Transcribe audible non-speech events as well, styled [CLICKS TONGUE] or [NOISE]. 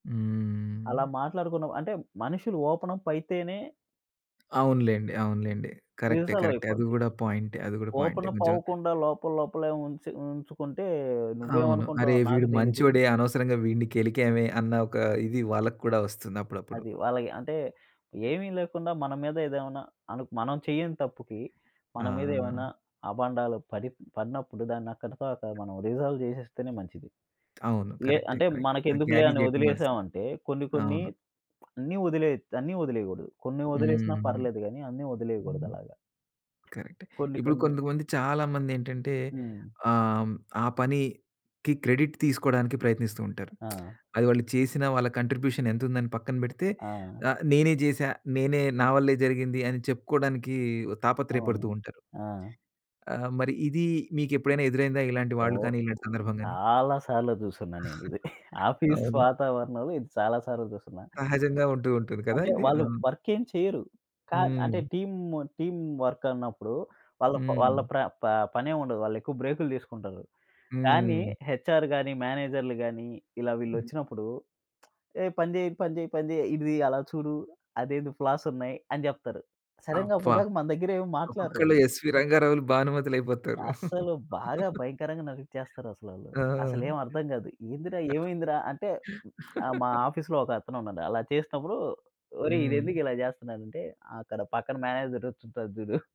అలా హ్మ్. మాట్లాడుకున్నాం. అంటే మనుషులు ఓపెన‌ప్ అయితేనే అవునులెండి, అవునులెండి. కరెక్టే, నిమిషాల్లో కరెక్టే. అది అయిపోద్ది. గూడా పాయింటే. అది గూడా పాయింటే. ఓపెన‌ప్ కొంచెం అవ్వకుండా లోపల లోపలే ఉంచి ఉంచుకుంటే, అవును. అరే! నువ్వేమనుకుంటున్నావో నాకు వీడు తెలీదు. మంచోడే అనవసరంగా వీడిని గెలికామే అన్న ఒక ఇది వాళ్ళకు కూడా వస్తుంది అప్పుడప్పుడు. అది. వాళ్ళకి అంటే, ఏమి లేకుండా మన మీద ఏదేమైనా అను మనం చెయ్యని తప్పుకి మన మీద ఏమైనా ఆ! అబాండాలు పడి పడినప్పుడు దాన్ని అక్కడితో అక్కడ మనం రిజాల్వ్ జేసేస్తేనే మంచిది. అవును. లే కరెక్టే. అంటే కరెక్ట్. మనకెందుకులే క్యారీ అని చేయకుండాల్సింది. వదిలేశామంటే, కొన్ని కొన్ని అవును. [SMACKS LIPS] అన్నీ వదిలేయొచ్చు. అన్నీ వదిలేయగూడదు. కొన్ని వదిలేసినా హ్మ్. పర్లేదు గాని అన్నీ హ్మ్. వదిలేయగూడదలాగ. కరెక్టే. కొన్ని ఇప్పుడు కొన్ని కొంతమంది, చాలా మందేంటంటే హ్మ్. ఆహ్, ఆ పనికి క్రెడిట్ తీసుకోవడానికి ప్రయత్నిస్తూ ఉంటారు. [SMACKS LIPS] ఆ! అది వాళ్ళు చేసినా, వాళ్ళ కాంట్రిబ్యూషన్ ఎంతుందని పక్కన పెడితే. ఆ! ఆహ్, నేనే చేశా, నేనే నా వల్లే జరిగింది అని చెప్పుకోవడానికి తాపత్రేయ అవును. పడుతూ ఉంటారు. ఆ! ఆహ్, మరి ఇది మీకెప్పుడైనా ఎదురైందా ఇలాంటి వాళ్ళు ఓహ్! కానీ? ఇలాంటి సందర్భం గాని? చాలా సార్లు జూసున్నా నేనిది. [CHUCKLES] [GIGGLES] ఆఫీస్ అవునా? వాతావరణంలో ఇది చాలా సార్లు చుసున్నా. సహజంగా ఉంటూ ఉంటుంది కద! అంటే ఇది. వాళ్ళు అవును. వర్కేం చెయ్యరు. కా అంటే హ్మ్. టీమ్ టీమ్ వర్క్ అన్నప్పుడు వాళ్ళ ప వాళ్ళ హ్మ్. ప్ర ప పనేముండదు. వాళ్ళెక్కువ బ్రేకు‌లు తీసుకుంటారు. కానీ హ్మ్. హెచ్‌ఆర్ గాని, మేనేజర్‌లు గాని, ఇలా వీళ్ళొచ్చినప్పుడు [SMACKS LIPS] "ఏయ్! పని జెయి, పని జెయి, పని జెయి, ఇది అలా చూడు. అదేంది ఫ్లాసున్నాయి" అని జెప్తారు. సడెన్‌గా అబ్బా! అప్పటిదాకా మన దగ్గర ఏమి మాట్లాడరు ఒక్కొక్కళ్ళు ఆళ్ళు. ఎస్‌వీ రంగారావులు, భానుమతులయిపోతారు. అస్సలు బాగా [CHUCKLES] భయంకరంగా నవ్విచ్చేస్తారసలాళ్ళు. ఆ! అసలేం అర్థం గాదు. ఏందిరా? ఏమైందిరా? అంటే, [CLICKS TONGUE] ఆ! మా [CHUCKLES] ఆఫీస్‌లో ఒక అతను ఉన్నాడు. అలా చేసినప్పుడు, ఒరేయ్! హ్మ్. ఈడెందుకు ఇలా చేస్తన్నాడంటే, అక్కడ పక్కన మేనేజర్ వచ్చుంటాడు చుడు.